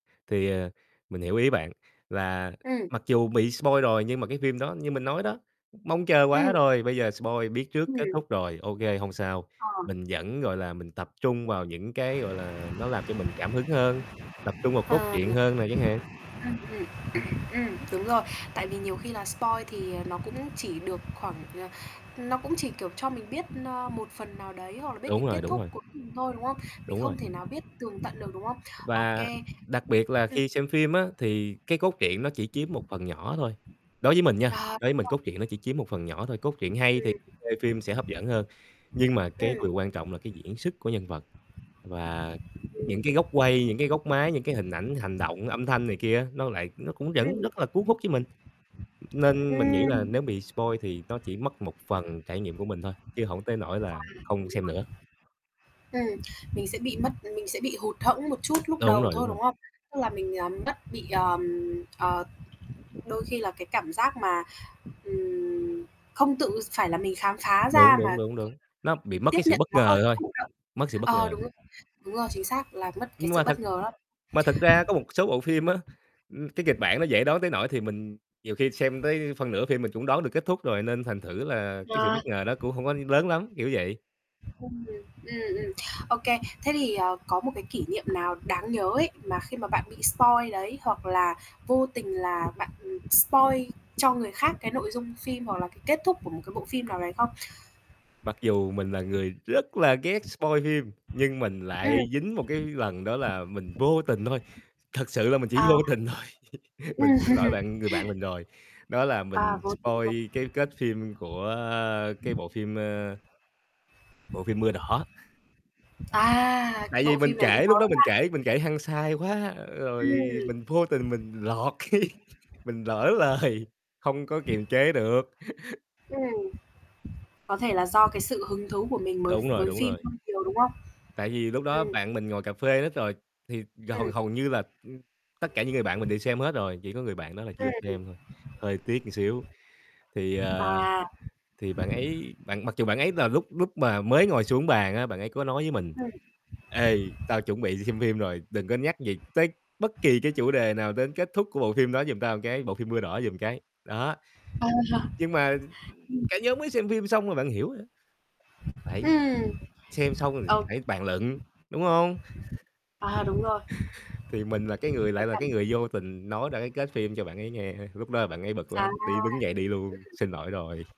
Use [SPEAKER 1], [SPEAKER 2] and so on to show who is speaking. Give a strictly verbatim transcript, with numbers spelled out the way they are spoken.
[SPEAKER 1] Thì, ờ, mình hiểu ý bạn, là
[SPEAKER 2] Ừm.
[SPEAKER 1] mặc dù bị spoil rồi nhưng mà cái phim đó như mình nói đó, mong chờ quá
[SPEAKER 2] Ừm.
[SPEAKER 1] rồi, bây giờ spoil biết trước kết
[SPEAKER 2] Ừm.
[SPEAKER 1] thúc rồi, OK, hông sao,
[SPEAKER 2] Ờ.
[SPEAKER 1] mình vẫn, gọi là, mình tập trung vào những cái, gọi là, nó làm cho mình cảm hứng hơn, tập trung vào cốt
[SPEAKER 2] Ờ.
[SPEAKER 1] truyện hơn nè chẳng hạn.
[SPEAKER 2] Ưm hừm, ừm, ưm, đúng rồi, tại vì nhiều khi là spoil thì, ờ, nó cũng chỉ được khoảng, ờ, nó cũng chỉ, kiểu, cho mình biết, ờ, một phần nào đấy hoặc là biết cái
[SPEAKER 1] Đúng
[SPEAKER 2] kết
[SPEAKER 1] rồi, đúng
[SPEAKER 2] thúc
[SPEAKER 1] rồi.
[SPEAKER 2] cuối cùng thôi, đúng không? Mình
[SPEAKER 1] Đúng
[SPEAKER 2] không
[SPEAKER 1] rồi.
[SPEAKER 2] thể nào biết tường tận được, đúng không? Ô
[SPEAKER 1] Và
[SPEAKER 2] kê.
[SPEAKER 1] đặc biệt là
[SPEAKER 2] Ừm.
[SPEAKER 1] khi xem phim á thì cái cốt truyện nó chỉ chiếm một phần nhỏ thôi. Đối với mình nha,
[SPEAKER 2] Ờ.
[SPEAKER 1] đối với mình
[SPEAKER 2] [unintelligible]
[SPEAKER 1] cốt truyện nó chỉ chiếm một phần nhỏ thôi, cốt truyện hay thì
[SPEAKER 2] Ừm.
[SPEAKER 1] [unintelligible] phim sẽ hấp dẫn hơn, nhưng mà cái
[SPEAKER 2] Ừm.
[SPEAKER 1] điều quan trọng là cái diễn sức của nhân vật, và
[SPEAKER 2] Ừm.
[SPEAKER 1] những cái góc quay, những cái góc máy, những cái hình ảnh, hành động, âm thanh này kia, á, nó lại nó cũng vẫn
[SPEAKER 2] Ừm.
[SPEAKER 1] rất là cuốn hút với mình. Nên mình nghĩ là
[SPEAKER 2] Ừm.
[SPEAKER 1] nếu bị spoil thì nó chỉ mất một phần trải nghiệm của mình thôi, chứ hổng tới nỗi
[SPEAKER 2] À,
[SPEAKER 1] là không xem nữa.
[SPEAKER 2] đúng rồi. Ừm, mình sẽ bị mất, ừm, mình sẽ bị hụt hẫng một chút lúc
[SPEAKER 1] Đúng
[SPEAKER 2] đầu
[SPEAKER 1] rồi, đúng
[SPEAKER 2] thôi,
[SPEAKER 1] rồi.
[SPEAKER 2] đúng hông? Tức là mình, à, mất bị, ờm, ờ, đôi khi là cái cảm giác mà, ừm, không tự s phải là mình khám phá
[SPEAKER 1] Đúng,
[SPEAKER 2] ra mà
[SPEAKER 1] đúng, đúng, đúng, nó bị
[SPEAKER 2] [unintelligible]
[SPEAKER 1] mất
[SPEAKER 2] tiếp
[SPEAKER 1] cái sự
[SPEAKER 2] nhận
[SPEAKER 1] bất
[SPEAKER 2] nó hơi
[SPEAKER 1] ngờ thôi,
[SPEAKER 2] thụ động.
[SPEAKER 1] mất sự bất
[SPEAKER 2] Ờ,
[SPEAKER 1] ngờ.
[SPEAKER 2] đúng, đúng rồi, chính xác, là mất cái
[SPEAKER 1] Nhưng
[SPEAKER 2] sự
[SPEAKER 1] mà
[SPEAKER 2] bất
[SPEAKER 1] thật
[SPEAKER 2] ngờ đó.
[SPEAKER 1] mà thật ra có một số bộ phim á, ừm, cái, kịch bản nó dễ đoán tới nỗi thì mình nhiều khi xem tới phân nửa phim mình cũng đoán được kết thúc rồi, nên thành thử là cái sự bất
[SPEAKER 2] À.
[SPEAKER 1] ngờ đó cũng hông có lớn lắm, kiểu vậy.
[SPEAKER 2] [unintelligible] Ừm, ừm. Ô kê, thế thì, ờ, có một cái kỷ niệm nào đáng nhớ ấy mà khi mà bạn bị spoil đấy, hoặc là vô tình là bạn, ừm, spoil cho người khác cái nội dung phim, hoặc là cái kết thúc của một cái bộ phim nào đấy không?
[SPEAKER 1] Mặc dù mình là người rất là ghét spoil phim, nhưng mình lại
[SPEAKER 2] Ừm.
[SPEAKER 1] dính một cái lần đó là mình vô tình thôi, thật sự là mình chỉ
[SPEAKER 2] À.
[SPEAKER 1] vô tình thôi, mình
[SPEAKER 2] Ừm.
[SPEAKER 1] xin lỗi bạn, người bạn mình rồi, đó là
[SPEAKER 2] À,
[SPEAKER 1] mình
[SPEAKER 2] vô tình. [unintelligible]
[SPEAKER 1] spoil cái kết phim của, a, cái bộ phim, ờ bộ phim Mưa Đỏ.
[SPEAKER 2] À,
[SPEAKER 1] Tại vì
[SPEAKER 2] bộ
[SPEAKER 1] mình
[SPEAKER 2] phim này cũng
[SPEAKER 1] kể, lúc đó
[SPEAKER 2] [unintelligible]
[SPEAKER 1] mình
[SPEAKER 2] ha.
[SPEAKER 1] kể mình kể hăng say quá, rồi
[SPEAKER 2] Ừm.
[SPEAKER 1] mình vô tình mình lọt cái mình lỡ lời, hông có kiềm chế được.
[SPEAKER 2] Ừm. Có thể là do cái sự hứng thú của mình mới
[SPEAKER 1] Đúng rồi,
[SPEAKER 2] với
[SPEAKER 1] đúng
[SPEAKER 2] phim
[SPEAKER 1] rồi.
[SPEAKER 2] hơi nhiều, đúng hông?
[SPEAKER 1] Tại vì lúc đó
[SPEAKER 2] Ừm.
[SPEAKER 1] bạn mình ngồi cafe hết rồi, thì gầu
[SPEAKER 2] Ừm.
[SPEAKER 1] hầu như là, ừm, tất cả những người bạn mình đều xem hết rồi, chỉ có người bạn đó là chưa
[SPEAKER 2] [unintelligible]
[SPEAKER 1] xem thôi, hơi tiếc ưn xíu, thì, ờ,
[SPEAKER 2] À.
[SPEAKER 1] thì bạn ấy bạn mặc dù bạn ấy là lúc lúc mà mới ngồi xuống bàn á, bạn ấy có nói với mình:
[SPEAKER 2] Ừm.
[SPEAKER 1] "Ê, tao chuẩn bị đi xem phim rồi, đừng có nhắc gì tới bất kỳ cái chủ đề nào đến kết thúc của bộ phim đó giùm tao cái, bộ phim Mưa Đỏ giùm cái" đó.
[SPEAKER 2] Ờ,
[SPEAKER 1] Nhưng mà
[SPEAKER 2] ừm.
[SPEAKER 1] cả nhóm mới xem phim xong là bạn hiểu rồi á. Phải
[SPEAKER 2] Ừm.
[SPEAKER 1] xem xong rồi
[SPEAKER 2] Ồ!
[SPEAKER 1] phải bàn luận, đúng hông?
[SPEAKER 2] À, đúng rồi.
[SPEAKER 1] Thì mình là cái người
[SPEAKER 2] Cái
[SPEAKER 1] lại là
[SPEAKER 2] cảnh
[SPEAKER 1] cái người vô tình nói ra cái kết phim cho bạn ấy nghe, lúc đó bạn ấy bực
[SPEAKER 2] À,
[SPEAKER 1] lắm,
[SPEAKER 2] ừm.
[SPEAKER 1] đi đứng dậy đi luôn, xin lỗi rồi.